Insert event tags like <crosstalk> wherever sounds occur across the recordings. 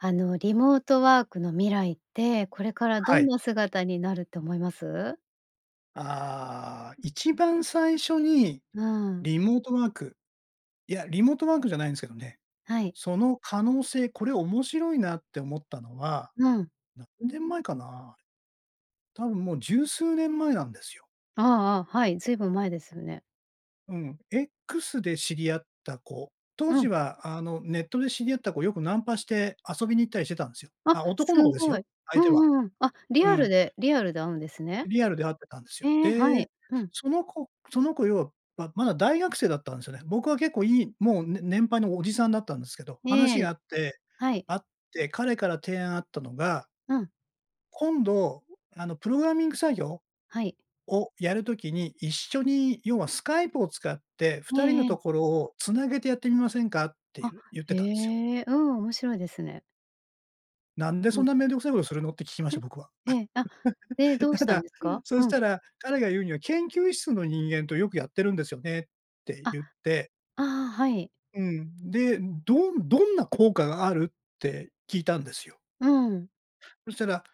あの、リモートワークの未来って、これからどはんい。な姿になるって思います？ああ、一番最初にうん。リモートワーク、いや、リモートワークじゃないんですけどね。はい。その可能性これ面白いなって思ったのは、うん。何年前かな。多分もう十数年前なんですよ。ああああ、はい。ずいぶん前ですね。うん。X で知り合った子、当う時ん。はあの、ネットで知り合った子よくナンパして遊びに行ったりしてたんですよ。あ、あ、す男の子ですごよ、い。相う手は。んうん。あ、リうアルん。でリアルで会うんですね。リアルで会ってたんですよ。ええ、はで、い。うん。その子その子要は、ままだ大学生だったんですよね。僕は結構いいもうね年配のおじさんだったんですけど、話えが合え、って、はい。会って彼から提案あったのがうん。今度、あのプログラミング作業はい。をやる時に、一緒に、要はスカイプを使って、え二人えのええ。ところを繋げてやってみませんか？ってあ、ゆ言っへてたんですよ。え。うん、面白いですね。「なんでふそんん。なめんどくさいことするの？」って聞きました、僕は。へ、ええ。あ、で、どう <chuckles> たしたんだ、ですか？そうしん。たら、彼が言うには「研究室の人間とよくやってるんですよね」ってあ、言って。ああ、はい。うん。で「どんどんな効果がある？」って聞いたんですよ。うん。そしたら、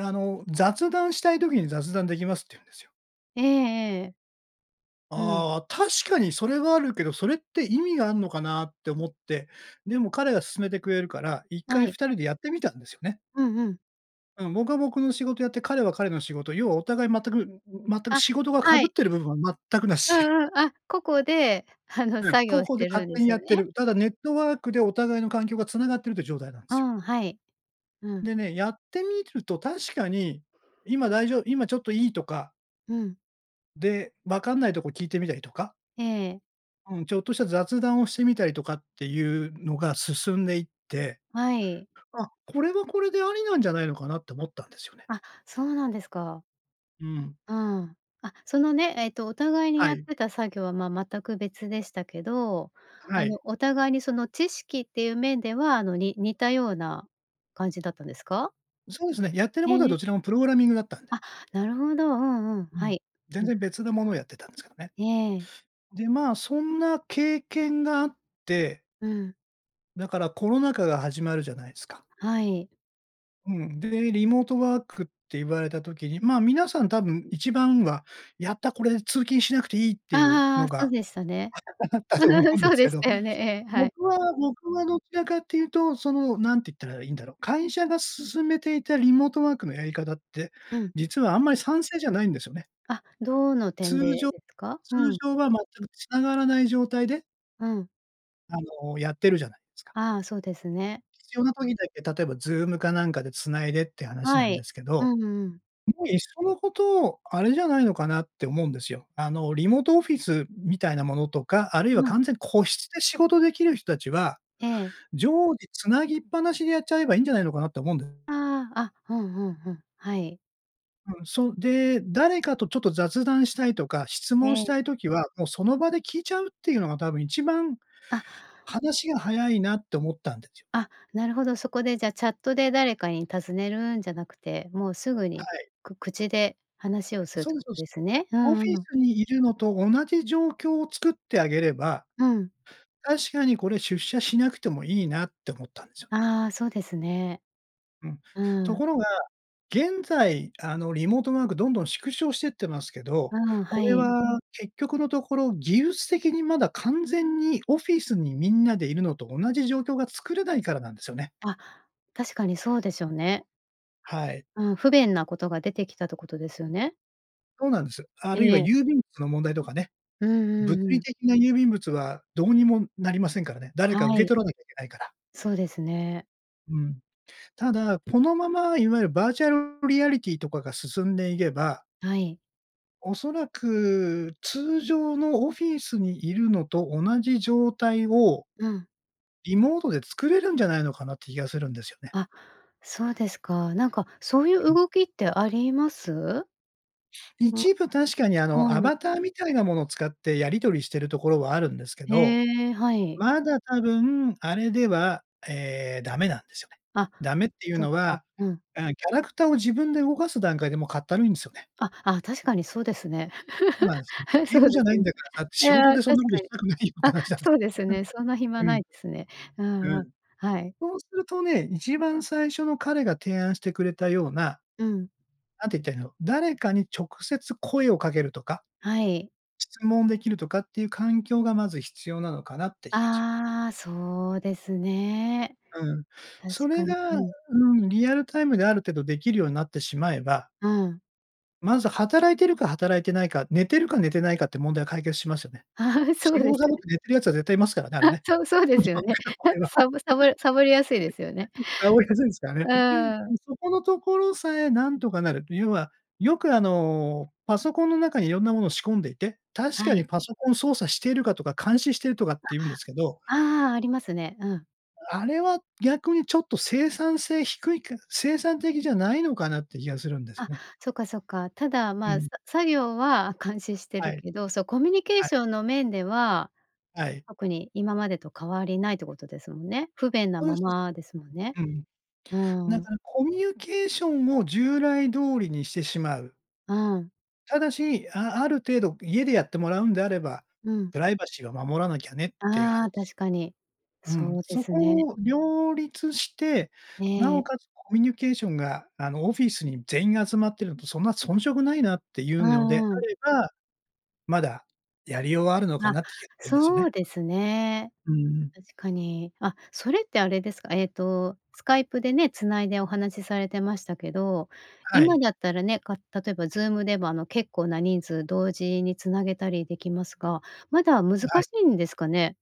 あの「雑談したい時に雑談出来ます」って言うんですよ。ええええ。うん。ああ、確かにそれはあるけど、それって意味があんのかなって思って、でも彼が勧めてくれるから、一は回い。2人でやってみたんですよね。うんうん。うん、僕は僕の仕事やって、彼は彼の仕事、要はお互い全く全くあ、仕事が被はっい。てる部分は全く無うし。んうん。あ、個々で、あのうん、作個業し々でてる勝んで手にすやよってね？る。ただネットワークでお互いの環境が繋がってるっていう状態なんでうすよ。ん、はい。うん。でね、やってみると確かに、今だいじょう今ちょっといい？とかうん。で、分かんないとこ聞いてみたりとか。ええ。うん、ちょっとした雑談をしてみたりとかっていうのが進んでいって、はい。あ、これはこれでありなんじゃないのかなって思ったんですよね。あ、そうなんですか。うん。うん。あ、そのね、えっとお互いにはやっい。てた作業は、まあ、全く別でしたけど、はあい。の、お互いにその知識っていう面では、あの、に似たような感じだったんですか？そうですね。やってるへことはどえ。ちらもプログラミングだったんで。あ、なるほど。うんうん。うはん。い、全うん。然別なものをやってたんですけどね。ええ。で、まあ、そんな経験があって。うん。だからコロナ禍が始まるじゃないすか。はい。うん。で、リモートワークって言われた時に、まあ、皆さん多分一番は「やった、これで通勤しなくていい」っていうあのあ、そうが、でしたね。あったあったと思う <giggles> んでそうすでけしど、たよね。ええ、はい。僕は僕はどちらかっていうと、そのなんて言ったらいいんだろう、会社が進めていたリモートワークのやり方って、うん。実はあんまり賛成じゃないんですよね。あ、どの通点で、常ですか？う通ん。常は全く繋がらない状態でうん。あのやってるじゃないですか。あ、そうですね。必要な時だけ、例えば Zoom かなんかで繋いでって話なはんでい。すけうど、んうん。もう一層の事、あれじゃないのかなって思うんですよ。あの、リモートオフィスみたいなものとか、あるいはうん。完全個室で仕事出来る人たちは、ええ。常時繋ぎっぱなしでやっちゃえばいいんじゃないのかなと思うんで。ああ。あ、ふんふんふん。はい。うん、そう。で、誰かとちょっと雑談したいとか質え問しえ。たい時は、もうその場で聞いちゃうっていうのが多分一番あ。話が早いなって思ったんですよね。あ、なるほど、そこでじゃあチャットで誰かに尋ねるんじゃなくて、もうすぐにはい。く口で話をするっそてうことそうす。ですね？うオフんィうん。スにいるのと同じ状況を作ってあげれば、うん。確かにこれ出社しなくてもいいなって思ったんですよね。ああ、そうですね。うん。うとん。ころが、現在あの、リモートワークどんどん縮小してってますけど、うん、こはれい。は結局のところ、技術的にまだ完全にオフィスにみんなでいるのと同じ状況が作れないからなんですよね。あ、確かにそうですよね。はい。うん、不便なことが出てきたってことですよね？そうなんです。あるいはええ。郵便物の問題とかね。うん物うんう理ん。的な郵便物はどうにもなりませんからね。誰はか受けい。取らなきゃいけないから。そうですね。うん。ただ、このままいわゆるバーチャルリアリティとかが進んでいげばはい。おそらく、通常のオフィスにいるのと同じ状態をうん。リモートで作れるんじゃないのかなって気がするんですよね。あ、そうですか。なんか、そういううん。動きってあります？あ、一部、確かにあの、アうん。バターみたいなものを使ってやり取りしてるところはあるんですけど、へえ、はい。まだ多分あれでは、ええ、ダメなんですよね。あ、ダメっていうそっのか、は、うん。あ、キャラクターを自分で動かす段階でもうかったるいんですよね。あ、あ、確かにそうですね。そうなん <laughs> です。あ、ゲーそムうじでゃすないんね。だから、だってい仕や、事確でそんなことかしに。たくないよってあ、話なんでそすうですね、そんな暇よ。ないですね。ああうん。うん。ああ、はい。そうするとね、1番最初の彼が提案してくれたような、うん。何て言ったらいいの、誰かに直接声をかけるとか、はい。質問できるとかっていう環境がまず必要なのかなって気がしまああ、そうですね。うん。確そかれに、が、うん。うん、リアルタイムである程度できるようになってしまえばうん。まず働いてるか働いてないか、寝てるか寝てないかって問題は解決しますよね。ああ、そう仕で事すサボっね。て寝てる奴は絶対いますからね、あれあ、ね。そう、そうでそすようね。へ、<unintelligible> の場合は。サボサボサボりやすいですよね。<laughs> サボりやすいすからうね。ん。そこのところさえなんとかなると、要は、よくあの、パソコンの中に色んなものを仕込んでいて、確はかにい。パソコン操作しているかとか監視してるとかっていうんですけどあ、ああ、ありますね。うん。あれは逆にちょっと生産性低いか、生産的じゃないのかなって気がするんですよあ、ね。そっかそっか。ただ、うまあ、ん。さ作業は監視してはるい。けど、そう、コミュニケーはシい。ョンの面でははい。特に今までと変わりないってことですもんね？不便なそういうま人です、まですもんね。うん。うだん。からコミュニケーションを従来通りにしてしまう。うん。ただし、あある程度家でやってもらうんであれば、うん。プライバシーを守らなきゃねっていうあ話。あ、確かに。うん。そうでそすね。こを両立して、なええ。おかつコミュニケーションが、あの、オフィスに全員が集まってるのとそんな遜色ないなっていううのでんうあん。れば、まだやりようはあるのかあ、なって気がするんですよそね。うですね。うん。確かに。あ、それってあれですか？えっと、スカイプでね、繋いでお話されてましたけど、は今い。だったらね、か例えばズームではあの、結構な人数同時に繋げたりできますが、まだ難あ、はい。しいんですかね？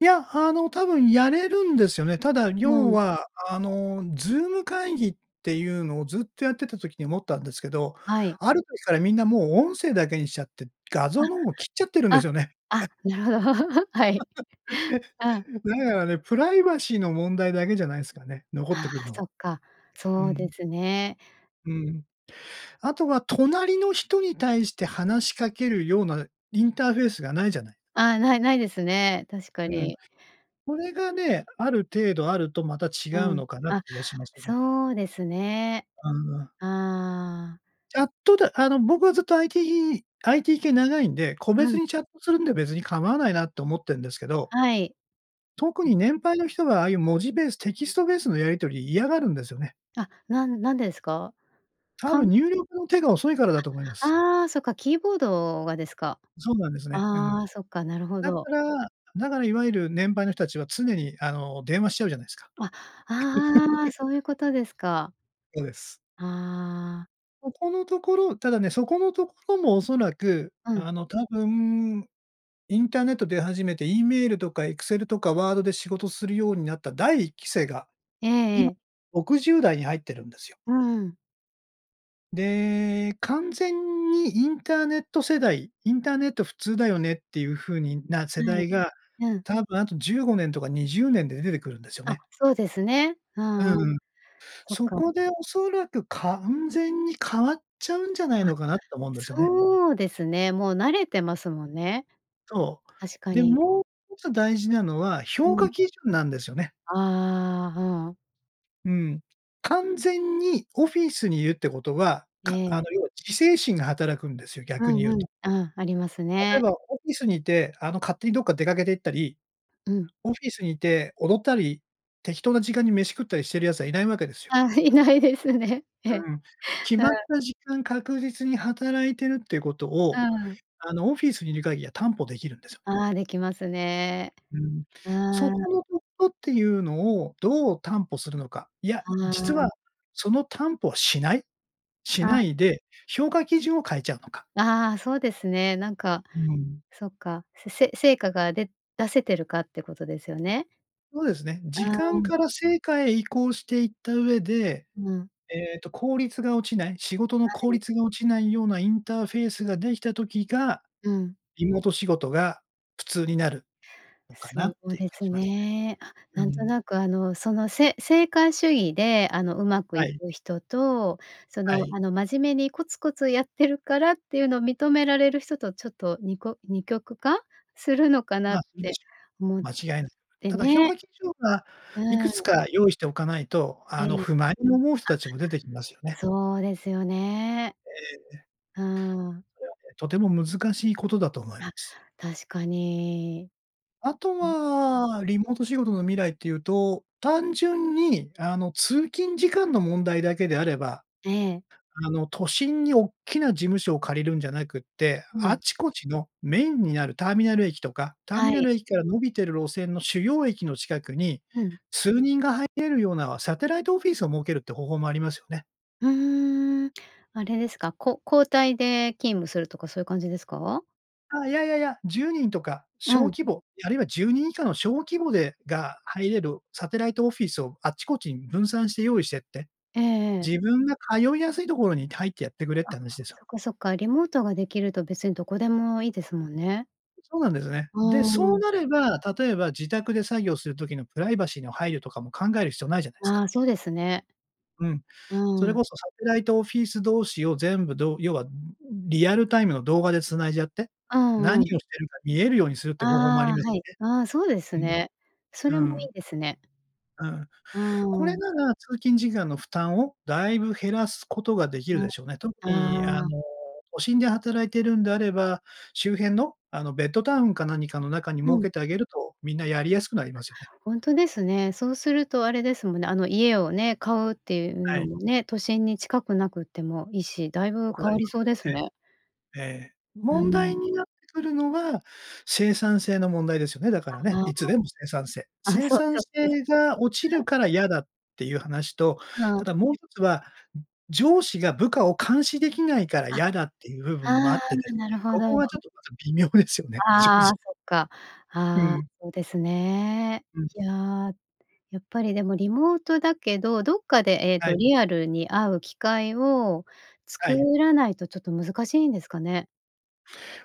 いや、あの多分やれるんですよね。ただう要ん。は、あの、ズーム会議っていうのをずっとやってた時に思ったんですけど、はい。ある時からみんなもう音声だけにしちゃって、画あ。像の方を切っちゃってるんであ、すよね。あ、なるほど、はい。<laughs> うん。だからね、プライバシーの問題だけじゃないすかね、残ってあくるあ、その。っか、うそうでん。すね。うん。あとは隣の人に対して話しかけるようなインターフェースがないじゃない？ああ、ないないですね、確かうん。に。それがね、ある程度あると、また違ううん。のかなってあ、気がしますよね。そうですね。ああ。ああ。チャットであの僕はずっと IT IT 系長いんで、個う別ん。にチャットするんで別に構わないなって思ってんですけど。はい。特う。に年配の人が、ああいう文字ベース、テキストベースのやり取り嫌がるんですよね。あ、なん何でですか？多かん分、入力の手が遅いからだと思いまあ。す。ああ、そっか、キーボードがですか。そうなんですね。え、うん。ああ、そっか、なるほだかど。らだからいわゆる年配の人たちは常にあの電話しちゃうじゃないですか？あ、ああ、そう <laughs> いうことですか。そうです。ああ。そこのところただね、そこのところも恐らく、うん。あの多分、インターネット出始めて、E メールとかエクセルとかワードで仕事するようになった第1期生が、えええ今え。60代に入ってるんですよ。うん。で、完全にインターネット世代、インターネット普通だよねっていう風にな、は世代い。が、うん。多分あと15年とか20年で出てくるんですよあ、ね。そうですね。ううんうん。ーん。そっそか。こで恐らく完全に変わっちゃうんじゃないあ、のかな、と思うんですよね。そうですね。もう慣れてますもんね。そ確う。かで、に。もう一つ大事なのは、う評ん。価基準なんですよね。ああ、ふん。うん。完全にオフィスに居るってことは、かあええ。の要は自制心が働くんですよ、う逆に言んううと。ん。あ、あります例えね。ばオフィスにいて、あの勝手にどっか出かけて行ったり、うん。オフィスに居て踊ったり、適当な時間に飯食ったりしてる奴は居ないわけですよ。あ、居ないですね。え。うん。決はまっあ。た時間、確実に働いてるっていうことうを、ん。あのオフィスに居る限りは担保出来るんですよ。ああ、出来ますね。うん。うそーん。このところっていうのを、どう担保するのか。いや、あ実あ。は、その担保はしないしうん。ないで、評価基準を変えちゃうのか。ああ、そうですね。なんか、うん。そっか。せせ成果が、で出せてるかってことですよね。そうですね。時あ間あ。から成果へ移行していった上で、うん。えっと効率が落ちない仕事の効はい。率が落ちないようなインターフェースができた時が、うん。リモート仕事が普通になるのかなっそうて気がですしますね。あ、ね。うなんとん。なく、あの、その、せ成果主義で、あの上手くはいい。く人と、そはのい。あの真面目にコツコツやってるからっていうのを認められる人とちょっと、にこ二極化するのかなま、っそうでてしょ。思っ間違いない。てただ評ね。価基準は、ういくつん。か用意しておかないと、あのええ。不満に思う人たちも出てきますよあ、ね。そうですよね。ええ。うーん。これはね、とても難しいことだと思いまあ、す。確かに。あとうん。は、リモート仕事の未来っていうと、単純に、あの通勤時間の問題だけであれば、ええ。あの都心におっきな事務所を借りるんじゃなくって、うあん。ちこちのメインになるターミナル駅とか、ターはミナい。ル駅から伸びてる路線の主要駅の近くに、うん。数人が入れるようなサテライトオフィスを設けるって方法もありますよね。うーん、あれですか、こ交代で勤務するとかそういう感じですか？あ、いやいやいや、10人とか、う小ん。規模、あるいは10人以下の小規模でが入れるサテライトオフィスをあっちこちに分散して用意してって、ええええ。自分が通いやすいところにいて入ってやってくれっあ、て話ですよ。そっかそっか。リモートができると別にどこでもいいですもんね。そうなんですね。うで、ーそうん。なれば、例えば自宅で作業する時のプライバシーの配慮とかも考える必要ないじゃないですあか。あ、そうですね。うん。そうれん。こそサテライトオフィス同士を全部どう要はリアルタイムの動画で繋いじゃって、う何んうん。をしてるか見えるようにするって方法もありあまあ、すはい。あ、そうですよね。ね。そうれん。もうーいん。いですね。うん。こうれーん。なら通勤事業の負担をだいぶ減らすことができるうでしょうね。特にあん、ああ。の、都心で働いているんであれば、周辺の、あの、ベッドタウンか何かの中にう設ん。けてあげると、みんなやりやすくなりますよね。ほんとですね。そうするとあれですもんね、あの、家をね、買うっていうはのい。もね、都心に近くなくってもいいし、だいぼぶく変がわり今そうそですね。うね。ええ。うー問題ん。になってくるのは、生産性の問題ですよね、だかあ、らね、あいつでも生産性。あ。あ、そう、生そ産う性です。が落ちうるん。から嫌だっていう話と、うたん。だもう一つは、上司が部下を監視できないからあ、嫌だっていう部分もああっあ、てですななるね、ほここど。はちょっとまた微妙ですよね、<chuckles> しょうあじあ、そっか。うあ、ん。そうですね。うん。いや、やっぱりでもリモートだけど、どっかで、えっはと、い。リアルに会う機会をは作い。らないとちょっと難しいんですかね。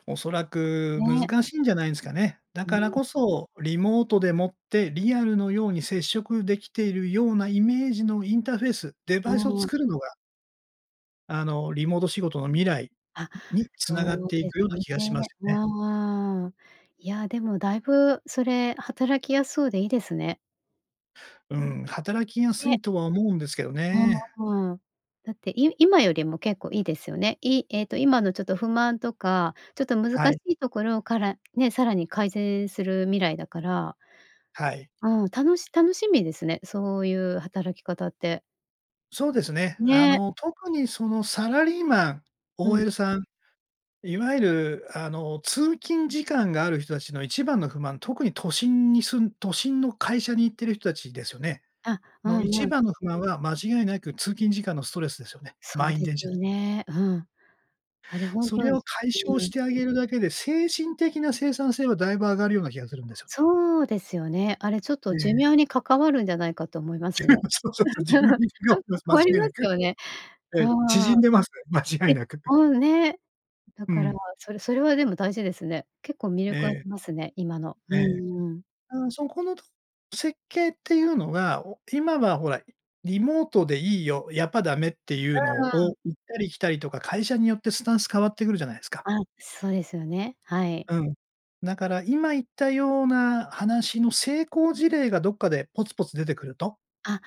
恐らくね。難しいんじゃないんすかね。だうからん。こそ、リモートでもって、リアルのように接触出来ているようなイメージのインターフェース、デあバイスをあ。作るのがあのリモート仕事の未来、あ、に繋がっそうていですくようなね。気がしますよね。ああ、いや、でもだいぶそれ働きやすそうでいいですね。うん、働きやすね。いとは思うんですけどね。うーん。だってい今よりも結構いいですよね。いえっと今のちょっと不満とか、ちょっと難はしい。いところからね、さらに改善する未来だから。はい。うん、たのし楽しみですね、そういう働き方って。そうですね。あね。の、特にそのサラリーマン、うん。OL さん、いわゆる、あの通勤時間がある人たちの一番の不満、特に都心に住ん都心の会社に行ってる人たちですよね。あ、うの、う一ん。番の不満は、間違いなく通勤時間のストレスですよね。そう満員で電車すの。ね、うん。あれ本そ当れにを解消うしん。てあげるだけで、精神的な生産性はだいぶ上がるような気がするんですよ。そうですよね。あれちょっえと寿え。命に関わるんじゃないかと思いま寿す命ね。そうそうそう、寿命 <laughs> に <unintelligible> かん関間わり違いまなすく。よね。えあえ、あ縮んでます、間違いで、なく。<laughs> もうね、だうから、ん。それそれはでも大事ですね。結構魅え力ありえ。ますね、今の。うええ。んうん。あ、そこのと設計っていうのは、お今はほら、リモートでいいよ、やっぱダメっていううのーん。を、行ったり来たりとか、会社によってスタンス変わってくるじゃないすか。あ、そうですよね、はい。うん。だから今言ったような話の成功事例がどっかでポツポツ出てくるとあ、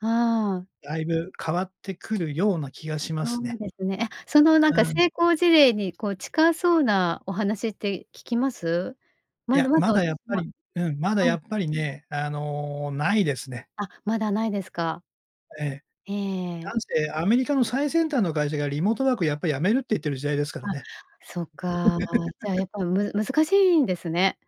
ああ。だいぶ変わってくるような気がしまそすうね。ですね。え、そのなんかうん。成功事例にこう近そうなお話って聞きます？いまだや、ままだだやっ私ぱもりうん、まだはやい。っぱりね、あの、ないですね。あ、まだないですか。ええ。えなえ。んせアメリカの最先端の会社がリモートワークやっぱ止めるって言ってる時代ですからあ、ね。そっか。じゃあや <laughs> っぱむず難しいんですね。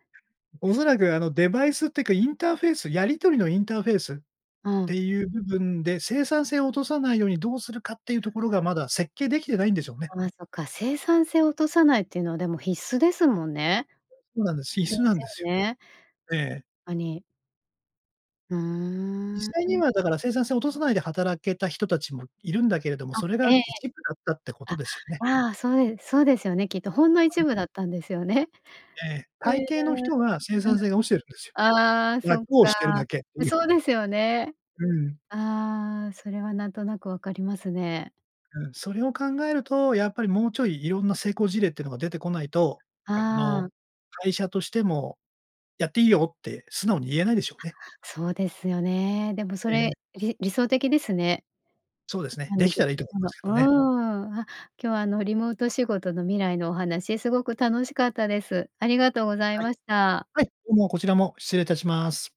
恐ら <unintelligible> くあのデバイスってか、インターフェースやり取りのインターフェースっうてん。いう部分で、生産性を落とさないようにどうするかっていうところがまだ設計出来てないんでしょうね。ああそっか、生産性を落とさないっていうのはでも必須ですもんね。そうなんです。で必須なすんですよよ。ね。ええ。あに。ふ実ー際にん。はだから生産性を落とさないで働けた人たちも居るんだけれども、あ、それがええ。一部だったってことあ、ですよね。ああそうでそうですよね、きっとほんの一 <unintelligible> 部だったんですよね。ええ、え大え。抵の人が生うん。産性が落ちてるんですよ。ああ、そ楽っをか。してるだけってえ、いう。そうですよね。うん。ああ、それはなんとなく分かりますね。うん。それを考えると、やっぱりもうちょい色んな成功事例っていうのが出てこないと、ああの、あ。会社としても、やっていいよって素直に言えないでしょあ、うね。そうですよね。でもそええ。れ、り理想的ですね。そうですね。出来たらいいと思いま <unintelligible> すけうん、あ、どね。今日はあのリモート仕事の未来のお話、すごく楽しかったです。ありがとうございはい。ました。はい、どうもこちらも、失礼いたします。